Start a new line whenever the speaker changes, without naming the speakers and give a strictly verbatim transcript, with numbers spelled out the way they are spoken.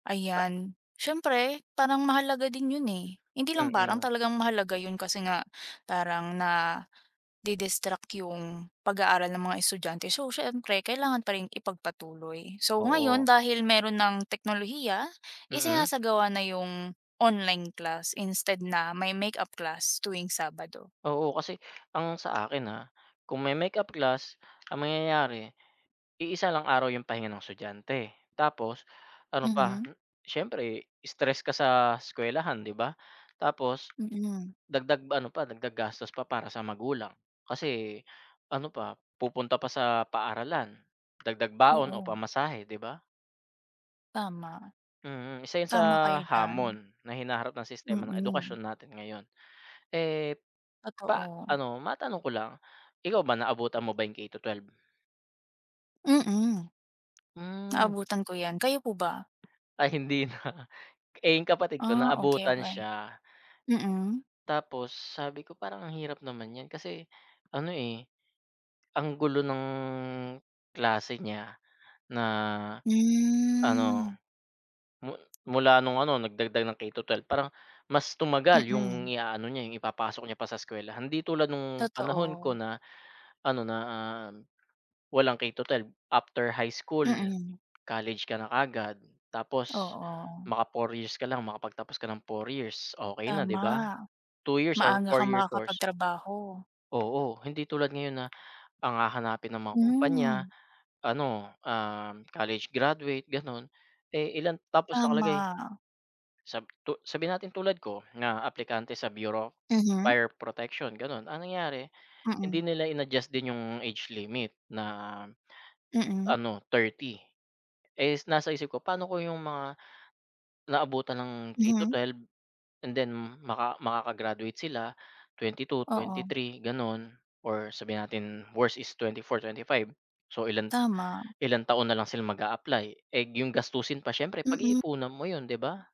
Ah.
Ayan. Siyempre parang mahalaga din yun eh. Hindi lang parang,
Mm.
talagang mahalaga yun. Kasi nga parang nadi-distract yung pag-aaral ng mga estudyante. So siyempre kailangan pa rin ipagpatuloy. So ngayon
Oo.
dahil meron ng teknolohiya,
Mm.
isinasagawa na yung online class instead na may makeup class tuwing Sabado.
Oo, kasi ang sa akin, ah, kung may makeup class ang mangyayari iisa lang araw yung pahinga ng estudyante. Tapos ano pa
Mhm.
siyempre stress ka sa eskuwelahan di ba? Tapos
Mm.
dagdag ano pa dagdag gastos pa para sa magulang. Kasi ano pa pupunta pa sa paaralan, dagdag baon, o
Oo.
pamasahe, di ba?
Tama.
Mm, isa yun sa
Tama kayo diyan.
hamon na hinaharap ng sistema ng
Mm.
edukasyon natin ngayon. Eh, pa
Totoo.
ano matanong ko lang, ikaw ba naabutan mo ba yung K to twelve?
Mm.
Hmm.
Naabutan ko yan. Kayo po ba?
Ay hindi na. Eh, yung kapatid ko
Ah, okey
naabutan
okey.
siya.
Mm.
Tapos sabi ko, parang ang hirap naman niyan. Kasi ano eh ang gulo ng, klase niya, na ano.
Hmm.
Mu mula nung ano nagdagdag ng K to twelve parang mas tumagal yung
Mm.
iaano niya yung ipapasok niya pa sa eskwelahan. Hindi tulad nung panahon ko
Totoo.
na ano na walang K-12 after high school,
Mm.
college ka na kaagad. Tapos
Oo.
maka four years ka lang makapagtapos ka ng four years okey na di
Tama,
ba? two years or
maaga
four
kang
year course.
makakapagtrabaho.
Oo, hindi tulad ngayon na ang hahanapin ng mga kumpanya
Hmm.
ano ah, college graduate ganon. Eh ilan tapos nakalagay.
Tama.
Sab tu sabihin natin tulad ko na aplikante sa bureau of
Mhm.
fire protection ganun. Ang nangyari hindi
Mm.
nila in-adjust din yung age limit na,
Mm.
ano thirty. Eh, nasa isip ko paano kong yung mga naabutan ng K to
Mhm.
twelve and then maka makaka-graduate sila twenty-two,
Oo.
twenty-three ganun. Or sabihin natin worse is twenty-four, twenty-five, so ilang
Tama.
ilang taon na lang sila mag-apply eh yung gastusin pa siyempre
Mm.
pag-iipunan mo yun di ba?